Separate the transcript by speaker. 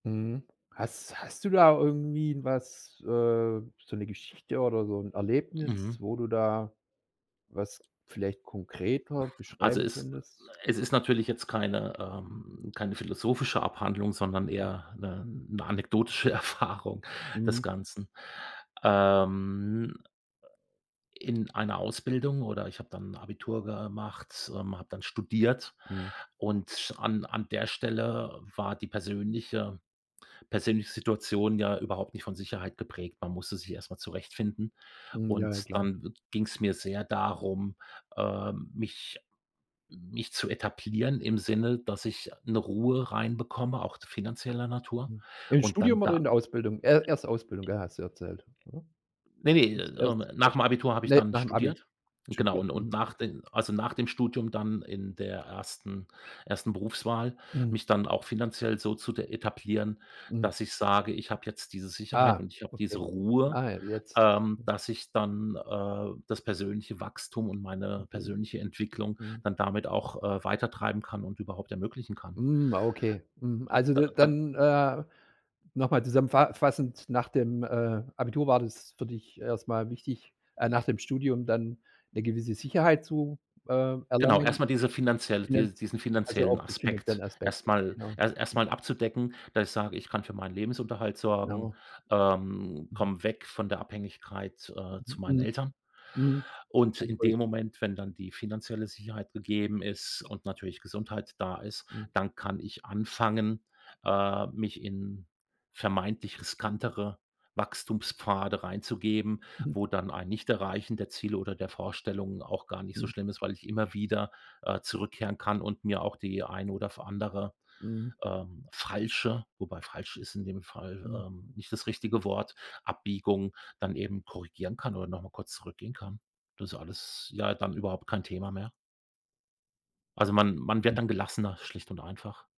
Speaker 1: Mhm, hast hast du da irgendwie was äh, so 'ne Geschichte oder so 'n Erlebnis,
Speaker 2: Mhm.
Speaker 1: wo du da was vielleicht konkreter
Speaker 2: Also
Speaker 1: beschreiben
Speaker 2: ist
Speaker 1: könntest?
Speaker 2: es ist natürlich jetzt keine, ähm, keine philosophische Abhandlung, sondern
Speaker 1: Hm.
Speaker 2: eher 'ne 'ne anekdotische Erfahrung des
Speaker 1: Mhm.
Speaker 2: Ganzen, ähm. In einer Ausbildung oder ich habe dann Abitur gemacht, ähm, habe dann studiert
Speaker 1: Mhm.
Speaker 2: und an an der Stelle war die persönliche persönliche Situation ja überhaupt nicht von Sicherheit geprägt. Man musste sich erst mal zurechtfinden
Speaker 1: Hm, ja, ja,
Speaker 2: und
Speaker 1: klar.
Speaker 2: dann ging's mir sehr darum, äh, mich mich zu etablieren im Sinne, dass ich 'ne Ruhe reinbekomme, auch d finanzieller Natur,
Speaker 1: Mhm, im
Speaker 2: und dann
Speaker 1: Studium oder
Speaker 2: da
Speaker 1: in der Ausbildung? E erst Ausbildung, ja, hast du erzählt, oder?
Speaker 2: ne, ne,
Speaker 1: Jetzt
Speaker 2: ähm,
Speaker 1: erst recht
Speaker 2: nach'm Abitur habe ich
Speaker 1: ne,
Speaker 2: dann
Speaker 1: nachm Abi
Speaker 2: studiert. Genau
Speaker 1: studiert.
Speaker 2: und und
Speaker 1: Mhm,
Speaker 2: nach
Speaker 1: okay.
Speaker 2: den also nach dem Studium dann in der ersten ersten Berufswahl
Speaker 1: Mhm.
Speaker 2: mich dann auch finanziell so zu t etablieren,
Speaker 1: Mhm.
Speaker 2: dass ich sage: „Ich habe jetzt diese Sicherheit
Speaker 1: Ah,
Speaker 2: und ich habe diese
Speaker 1: okay.
Speaker 2: Ruhe,
Speaker 1: Ah, jetzt,
Speaker 2: ähm,
Speaker 1: hm.
Speaker 2: dass ich dann, äh, das persönliche Wachstum und
Speaker 1: 'N
Speaker 2: meine
Speaker 1: Bild,
Speaker 2: persönliche Entwicklung
Speaker 1: mhm.
Speaker 2: dann damit auch, äh, weitertreiben kann und überhaupt ermöglichen kann.”
Speaker 1: Hm, ah, okay, mhm. Also,
Speaker 2: Da
Speaker 1: d
Speaker 2: da
Speaker 1: dann, äh, noch mal zusammenfa fassend, nach dem, äh, Abitur war das für dich erst mal wichtig äh, nach dem Studium dann 'ne gewisse Sicherheit zu, äh,
Speaker 2: Genau,
Speaker 1: erlangen,
Speaker 2: erst mal diese finanzielle
Speaker 1: finaz
Speaker 2: die diesen
Speaker 1: also, auch
Speaker 2: finanziellen
Speaker 1: den finanziellen
Speaker 2: Aspekt
Speaker 1: Aspekt,
Speaker 2: erst mal
Speaker 1: genau,
Speaker 2: e erst
Speaker 1: j
Speaker 2: mal abzudecken, dass ich sage: „Ich kann für meinen Lebensunterhalt sorgen,
Speaker 1: Genau.
Speaker 2: ähm,
Speaker 1: Mhm.
Speaker 2: komme weg von der Abhängigkeit, äh, zu meinen
Speaker 1: Mhm,
Speaker 2: Eltern
Speaker 1: hm,
Speaker 2: und in
Speaker 1: mhm, [unintelligible]
Speaker 2: dem Moment, wenn dann die finanzielle Sicherheit gegeben ist und natürlich Gesundheit da ist,
Speaker 1: Hm.
Speaker 2: dann kann ich anfangen, äh, mich in vermeintlich riskantere Wachstumspfade reinzugeben,
Speaker 1: Mhm.
Speaker 2: wo dann ein Nicht-Erreichen der Ziele oder der Vorstellung auch gar nicht so
Speaker 1: Hm.
Speaker 2: schlimm ist, weil ich immer wieder, äh, zurückkehren kann und mir auch die eine oder f andere,
Speaker 1: Mhm.
Speaker 2: ähm, falsche“ wobei „falsch“ ist in dem Fall,
Speaker 1: Hm.
Speaker 2: ähm, nicht das richtige Wort, Abbiegung dann eben korrigieren kann oder noch mal kurz zurückgehen kann. Das ist alles, ja, dann überhaupt kein Thema mehr. Also man man
Speaker 1: Hm.
Speaker 2: wird dann gelassener, schlicht und einfach.